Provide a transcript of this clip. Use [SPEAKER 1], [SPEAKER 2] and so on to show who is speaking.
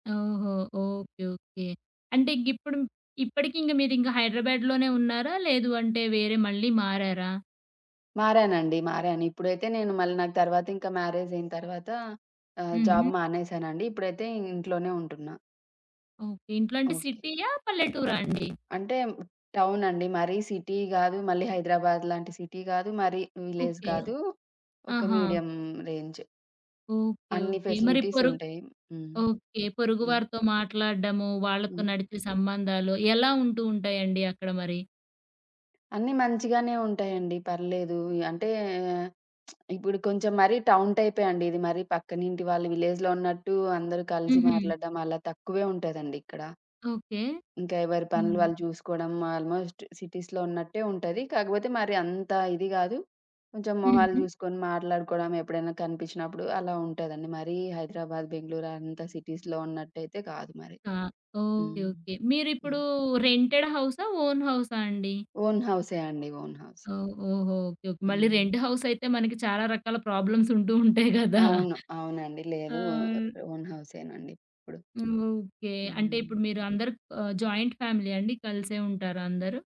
[SPEAKER 1] ఓహొ! Okay. Okay. అంటే గిప్పుడు ఇప్పటికింకా మీరు ఇంకా హైదరాబాద్‌లోనే ఉన్నారా? లేదు అంటే వేరే మళ్ళీ మారారా?
[SPEAKER 2] మారానండి. మారాను ఇప్పుడైతే నేను మళ్ళీ నాకు తర్వాత ఇంక మ్యారేజైన తర్వాత ఆహ్, జాబ్
[SPEAKER 1] హుహు.
[SPEAKER 2] మానేశానండి. ఇప్పుడైతే ఇంట్లోనే ఉంటున్నా.
[SPEAKER 1] ఓకే. ఇంట్లో అంటే
[SPEAKER 2] ఓకే.
[SPEAKER 1] సిటీయా? పల్లెటూరా అండి?
[SPEAKER 2] అంటే, టౌనండి మరీ సిటీ గాదు, మళ్ళీ హైదరాబాద్ లాంటి సిటీ గాదు, మరీ విలేజ్
[SPEAKER 1] ఓకే.
[SPEAKER 2] కాదు. ఒక
[SPEAKER 1] ఆహా!
[SPEAKER 2] మీడియం రేంజే.
[SPEAKER 1] ఓకే.
[SPEAKER 2] అన్ని
[SPEAKER 1] ఓకే. మరి పొరు
[SPEAKER 2] ఫెసిలిటీసుంటయి. హ్మ్.
[SPEAKER 1] ఓకే. పొరుగు
[SPEAKER 2] హ్మ్.
[SPEAKER 1] వారితో మాట్లాడ్డము, వాళ్ళతో
[SPEAKER 2] హ్మ్.
[SPEAKER 1] నడిపె సంబంధాలు ఎలా ఉంటూ ఉంటాయండి అక్కడ మరి?
[SPEAKER 2] అన్నీ మంచిగానే ఉంటాయండి పర్లేదు. అంటే, ఇప్పుడు కొంచెం మరీ టౌన్ టైపే అండి. ఇది మరీ పక్కనింటి వాళ్ళు విలేజ్‌లో ఉన్నట్టు అందరు కలిసి
[SPEAKER 1] హుహు.
[SPEAKER 2] మాట్లాడ్డం అలా తక్కువే ఉంటదండి ఇక్కడ.
[SPEAKER 1] ఓకే.
[SPEAKER 2] ఇంక ఎవరి పనులు
[SPEAKER 1] హ్మ్.
[SPEAKER 2] వాళ్ళు జూసుకోవడం ఆల్‌మోస్ట్ సిటీస్‌లో ఉన్నట్టే ఉంటది. కాకపోతే మరి అంత ఇది గాదు. కొంచెం మొహాలు
[SPEAKER 1] హుహు.
[SPEAKER 2] జూసుకొని మాట్లాడుకోవడం, ఎప్పుడైనా కనిపించినప్పుడు అలా ఉంటదండి. మరీ హైదరాబాద్, బెంగుళూరు అంత సిటీస్‌లో ఉన్నట్టయితే గాదు మరి.
[SPEAKER 1] క ఓకే.
[SPEAKER 2] హ్మ్.
[SPEAKER 1] ఓకే. మీరిప్పుడు
[SPEAKER 2] హ్మ్.
[SPEAKER 1] రెంటెడ్ హౌసా, ఓన్ హౌసా అండి?
[SPEAKER 2] ఓన్ హౌసే అండి. Own house.
[SPEAKER 1] ఓహ్! ఓహో! ఓకే. ఓకే. మళ్ళీ
[SPEAKER 2] హ్మ్.
[SPEAKER 1] రెంట్ హౌస్ అయితే, మనకి చాలా రకాల ప్రాబ్లమ్స్ ఉంటూ ఉంటాయి గదా!
[SPEAKER 2] అవును. అవునండి.
[SPEAKER 1] ఆ!
[SPEAKER 2] లేదు ఓ ఓన్ హౌసేనండి ఇప్పుడు.
[SPEAKER 1] ఓకే. అంటే
[SPEAKER 2] హ్మ్.
[SPEAKER 1] ఇప్పుడు మీరందరు ఆహ్, జాయింట్ ఫ్యామిలీయా అండి కలిసే ఉంటారా అందరు?